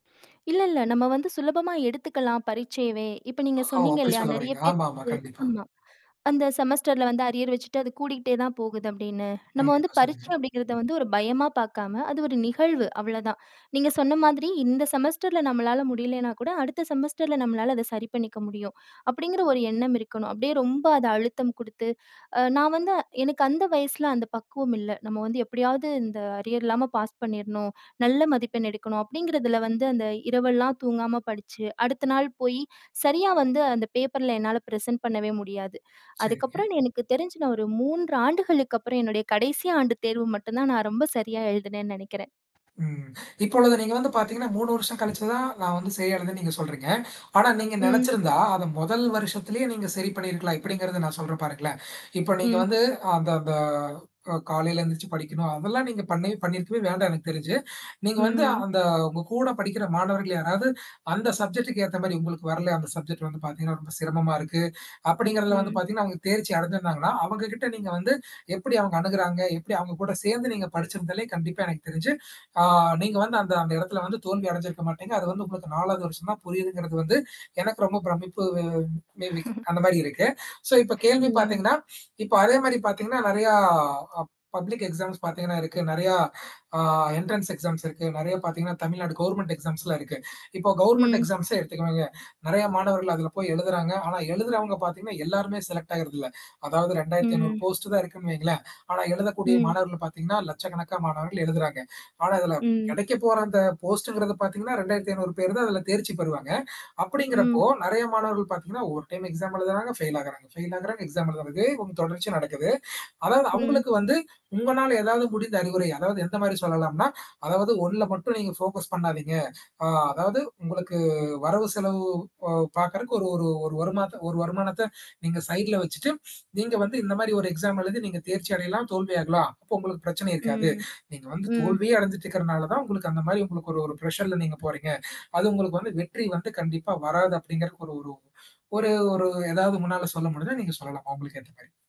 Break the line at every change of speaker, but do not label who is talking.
இல்ல, இல்ல நம்ம வந்து சுலபமா எடுத்துக்கலாம் பரீட்சையவே. இப்ப நீங்க
ஓ!
சொன்னீங்க
அப்படி
இல்லையா?
சொல்ல
நெறைய
வர்றீங்க. ஆமா,
பேர்த்துக்கு
ஆமா. கண்டிப்பா.
ஆமா. அந்த செமஸ்டர்ல வந்து அரியர் வச்சுட்டு அது கூடிக்கிட்டே தான் போகுது அப்படின்னு. நம்ம வந்து
கண்டிப்பா, சொல்லுங்க.
பரீட்சை அப்படிங்கிறத வந்து ஒரு பயமா பார்க்காம, அது ஒரு நிகழ்வு, அவ்ளோதான். நீங்க சொன்ன மாதிரி இந்த செமஸ்டர்ல நம்மளால முடியலனா கூட, அடுத்த செமஸ்டர்ல நம்மளால அத சரி பண்ணிக்க முடியும். அப்படிங்கிற ஒரு எண்ணம் இருக்கணும். அப்படியே ரொம்ப அத அழுத்தம் குடுத்து, அ நான் வந்து எனக்கு அந்த வயசுல அந்த பக்குவம் இல்ல. நம்ம வந்து எப்படியாவது இந்த அரியர் இல்லாம பாஸ் பண்ணிறணும். நல்ல மதிப்பெண் எடுக்கணும் அப்படிங்கறதுல வந்து அந்த இரவெல்லாம் தூங்காம படிச்சு, அடுத்த நாள் போயி சரியா வந்து அந்த பேப்பர்ல என்னால பிரசன்ட் பண்ணவே முடியாது.
சரிங்க.
அதுக்கப்புறம் எனக்கு தெரிஞ்சு நான் ஒரு 3 ஆண்டுகளுக்கு அப்புறம் என்னுடைய கடைசி ஆண்டு தேர்வு மட்டும் தான் நான் ரொம்ப சரியா எழுதினேன்னு நெனைக்கிறேன்.
ம். இப்பொழுது நீங்க வந்து பார்த்தீங்கன்னா, 3 வருஷம் கழிச்சு தான், நான் வந்து சரிய அடைதுன்னு நீங்க சொல்றீங்க. ஆனா நீங்க
ம்.
நெனச்சிருந்தா, அத முதல் வருஷத்திலே நீங்க சரி பண்ணியிருக்கலாம். எப்படிங்கிறத நான் சொல்றேன் பாருங்களேன். இப்ப நீங்க
ம்.
வந்து அந்த அந்த ஓ காலையில எழுந்திரிச்சு படிக்கணும். அதெல்லாம் நீங்க பண்ண பண்ணியிருக்கவே வேண்டாம் எனக்கு தெரிஞ்சு. நீங்க வந்து
ம்.
அந்த உங்க கூட படிக்கிற மாணவர்கள் யாராவது அந்த சப்ஜெக்ட்டுக்கு ஏத்த மாரி உங்களுக்கு வரல, அந்த சப்ஜெக்ட் வந்து பார்த்தீங்கன்னா, ரொம்ப சிரமமா இருக்கு. அப்டிங்கிறத வந்து
ம்.
பார்த்தீங்கன்னா அவங்க தேர்ச்சி அடைஞ்சிருந்தாங்கன்னா, அவங்ககிட்ட நீங்க வந்து, எப்படி அவங்க அணுகுறாங்க? எப்படி அவங்க கூட சேர்ந்து நீங்க படிச்சிருந்தாலே கண்டிப்பா எனக்கு தெரிஞ்சு, ஆ நீங்க வந்து அந்த அந்த இடத்தல வந்து தோல்வி அடைஞ்சிருக்க மாட்டீங்க. அது வந்து உங்களுக்கு 4வது வருஷம் தான் புரியுதுங்கிறது, வந்து எனக்கு ரொம்ப பிரமிப்பு மே பி அந்த மாரி இருக்கு. சோ இப்ப கேள்வி
ம்.
பார்த்தீங்கன்னா, இப்ப அதே மாரி பார்த்தீங்கன்னா, நெறையா ஆ பப்ளிக் எக்ஸாம்ஸ் பார்த்தீங்கன்னா இருக்கு. நெறைய அ என்ட்ரன்ஸ் எக்ஸாம்ஸ் இருக்கு. நெறைய பார்த்தீங்கன்னா, தமிழ்நாடு கவர்ன்மெண்ட் எக்ஸாம்ஸ்லாம் இருக்கு. இப்போ கவர்ன்மென்ட்
ம்.
எக்ஸாம்ஸே எடுத்துக்குவாங்க. நெறைய மாணவர்கள் அதுல போய் எழுதுறாங்க. ஆனா, எழுதுறவங்க பார்த்தீங்கன்னா எல்லாருமே செலெக்ட் ஆகறதில்ல. அதாவது 2500
ம்.
போஸ்ட் தான் இருக்குன்னு வைங்களேன். ஆனா எழுதக்கூடிய
ம்.
மாணவர்கள் பார்த்தீங்கன்னா, லட்சக்கணக்கா மாணவர்கள் எழுதுறாங்க. ஆனா இதில
ம்.
கெடைக்க போற அந்த போஸ்ட்ங்கிறது பார்த்தீங்கன்னா, 2500 பேர் தான் அதில தேர்ச்சி பெறுவாங்க. அப்படிங்கிறப்போ,
ம்.
நெறைய மாணவர்கள் பார்த்தீங்கன்னா, ஒரு டைம் எக்ஸாம் எழுதுறாங்க, ஃபெயில் ஆகுறாங்க. ஃபெயில் ஆகுறாங்க, எக்ஸாம் எழுதுறாங்க. இதே வந்து தொடர்ச்சியா நடக்குது. அதாவது,
ம்.
அவங்களுக்கு வந்து, உங்களால ஏதாவது முடிந்த அறிவுரை. அதாவது எந்த மாரி சொல்லலாம்னா, அதாவது ஒண்ணுல மட்டும் நீங்க ஃபோக்கஸ் பண்ணாதீங்க. அ அதாவது உங்களுக்கு வரவு செலவு அ பார்கறக்கு ஒரு ஒரு ஒரு வருமான ஒரு வருமானத்த நீங்க சைட்ல வச்சுட்டு, நீங்க வந்து இந்த மாரி ஒரு எக்ஸாம் எழுந்து நீங்க தேர்ச்சி அடையலாம், தோல்வியாகலாம். அப்போ உங்களுக்கு பிரச்சனை இருக்காது.
ம்.
நீங்க வந்து
ம்.
தோல்வியே அடைஞ்சிட்டு இருக்கிறனால தான் உங்களுக்கு அந்த மாரி உங்களுக்கு ஒரு ஒரு பிர்ஷர்ல நீங்க போறீங்க. அது உங்களுக்கு வந்து வெற்றி வந்து கண்டிப்பா வராது அப்படிங்கறக்கு ஒரு ஒரு ஒரு ஒரு ஏதாவது உங்கனால சொல்ல முடிஞ்சா நீங்க சொல்லலாம், அவங்களுக்கு ஏத்த மாரி.